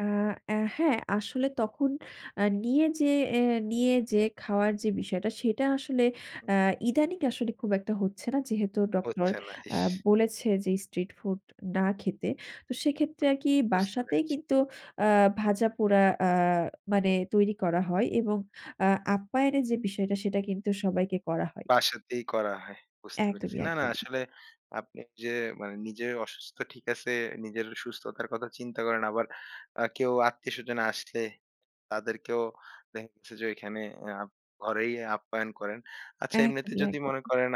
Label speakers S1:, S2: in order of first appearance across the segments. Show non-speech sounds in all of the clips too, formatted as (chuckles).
S1: আ অ্যাঁ হ্যাঁ, আসলে তখন আ নিয়ে যে এ নিয়ে যে খাওয়ার যে বিষয়টা সেটা আসলে
S2: হুম।
S1: আ ইদানিং আসলে খুব একটা হচ্ছে না যেহেতু ডক্টর
S2: হচ্ছে না,
S1: আ
S2: ইস!
S1: বলেছে যে স্ট্রিট ফুড না খেতে। তো সেক্ষেত্রে আরকি
S2: বুঝতে
S1: বাসাতেই
S2: পেরেছি।
S1: কিন্তু আ ভাজা-পোড়া আ মানে তৈরি করা হয় এবং আ আপ্যায়নের যে বিষয়টা সেটা কিন্তু সবাইকে করা হয়।
S2: বাসাতেই করা হয়। বুঝতে পেরেছি।
S1: একদমই,
S2: না, না
S1: একদমই।
S2: আসলে আপনি যে মানে নিজের অসুস্থ ঠিক আছে নিজের সুস্থতার কথা চিন্তা করেন। আবার আ কেউ আত্মীয়স্বজনে আসলে তাদেরকেও দেখা গেছে যে ওইখানে আ ঘরেই আপ্যায়ন করেন। আচ্ছা এমনিতে
S1: একদমই,
S2: যদি মনে
S1: একদমই।
S2: করেন।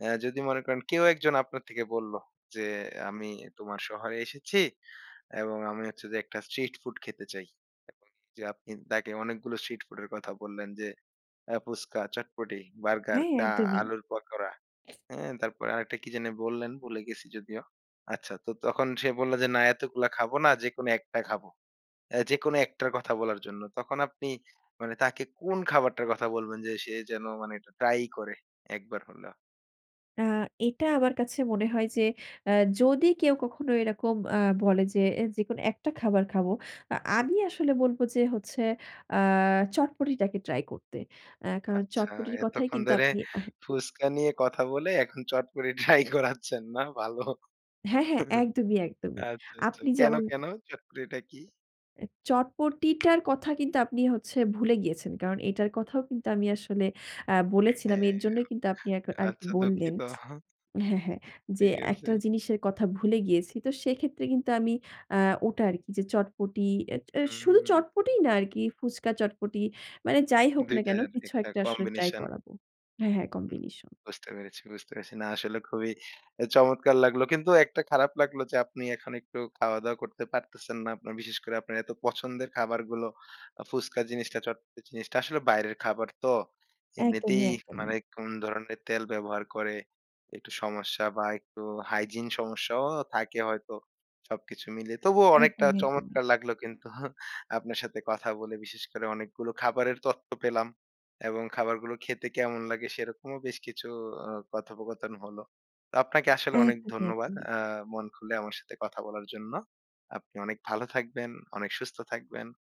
S2: অ্যাঁ যদি মনে করেন কেউ একজন আপনার থেকে বললো যে আমি তোমার শহরে এসেছি এবং আমি হচ্ছে যে একটা স্ট্রিট ফুড খেতে চাই। এবং যে আপনি তাকে অনেকগুলো স্ট্রিট ফুড এর কথা বললেন যে আ ফুচকা, চটপটি, বার্গার,
S1: হ্যাঁ,
S2: চা,
S1: একদমই।
S2: আলুর পাকোড়া হ্যাঁ? তারপরে আরেকটা কি যেন বললেন ভুলে গেছি যদিও। আচ্ছা তো তখন সে বলল যে না এতগুলা খাবো না যেকোনো একটা খাবো। অ্যাঁ যেকোনো একটার কথা বলার জন্য। তখন আপনি মানে তাকে কোন খাবারটার কথা বলবেন যে সে যেন মানে এটা ট্রাই করে, একবার হলেও।
S1: আ এটা আমার কাছে মনে হয় যে আ যদি কেউ কখনো এরকম আ বলে যে যেকোনো একটা খাবার খাবো। আ আমি আসলে বলব যে হচ্ছে আ চটপটিটাকে ট্রাই করতে। আ কারণ
S2: আচ্ছা,
S1: চটপটির কথাই
S2: এতক্ষণ
S1: কিন্তু
S2: ধরে
S1: আপনি আ
S2: ফুচকা নিয়ে কথা বলে এখন চটপটি ট্রাই করাচ্ছেন, না? ভালো।
S1: হ্যাঁ, হ্যাঁ
S2: (chuckles)
S1: একদমই, একদমই।
S2: আচ্ছা, আচ্ছা
S1: আপনি
S2: কেনো,
S1: যেমন
S2: কেনো? চটপটিটা কি?
S1: এ চটপটিটার কথা কিন্তু আপনি হচ্ছে ভুলে গিয়েছেন। কারণ এটার কথাও কিন্তু আমি আসলে আ বলেছিলাম।
S2: হ্যাঁ,
S1: এর জন্যই কিন্তু আপনি এ আরকি
S2: আচ্ছা
S1: বললেন।
S2: দুঃখিত।
S1: হ্যাঁ, হ্যাঁ যে
S2: ঠিক আছে।
S1: একটা জিনিসের কথা ভুলে গিয়েছি। তো সেক্ষেত্রে কিন্তু আমি আ ওটা আরকি যে চটপটি এ এ শুধু
S2: হুম।
S1: চটপটিই না আরকি ফুচকা, চটপটি মানে যাই হোক
S2: ২
S1: না কেনো
S2: টার
S1: কিছু
S2: একটা
S1: একটা আসলে ট্রাই
S2: কম্বিনেশন।
S1: করাবো। হ্যাঁ, হ্যাঁ
S2: হুম।
S1: কম্বিনেশন।
S2: বুঝতে পেরেছি, বুঝতে পেরেছি না আসলে খুবই আ চমৎকার লাগলো। কিন্তু একটা খারাপ লাগলো যে আপনি এখন একটু খাওয়া-দাওয়া করতে পারতেছেন না। আপনার বিশেষ করে আপনার এত পছন্দের খাবারগুলো ফুচকা জিনিসটা চটপট জিনিসটা। আসলে বাইরের খাবার তো
S1: একদমই,
S2: এমনিতেই
S1: একদমই।
S2: মানে কোন ধরনের তেল ব্যবহার করে। একটু সমস্যা বা একটু হাইজিন সমস্যাও থাকে হয়তো সবকিছু মিলিয়ে। তবুও অনেকটা
S1: একদমই, একদমই।
S2: চমৎকার লাগলো কিন্তু আপনার সাথে কথা বলে বিশেষ করে অনেকগুলো খাবারের তথ্য পেলাম। এবং খাবারগুলো খেতে কেমন লাগে সেরকমও বেশ কিছু ও কথোপকথন হলো। তো আপনাকে আসলে অনেক
S1: একদমই,
S2: ধন্যবাদ
S1: একদমই।
S2: আ মন খুলে আমার সাথে কথা বলার জন্য। আপনি অনেক ভালো থাকবেন, অনেক সুস্থ থাকবেন।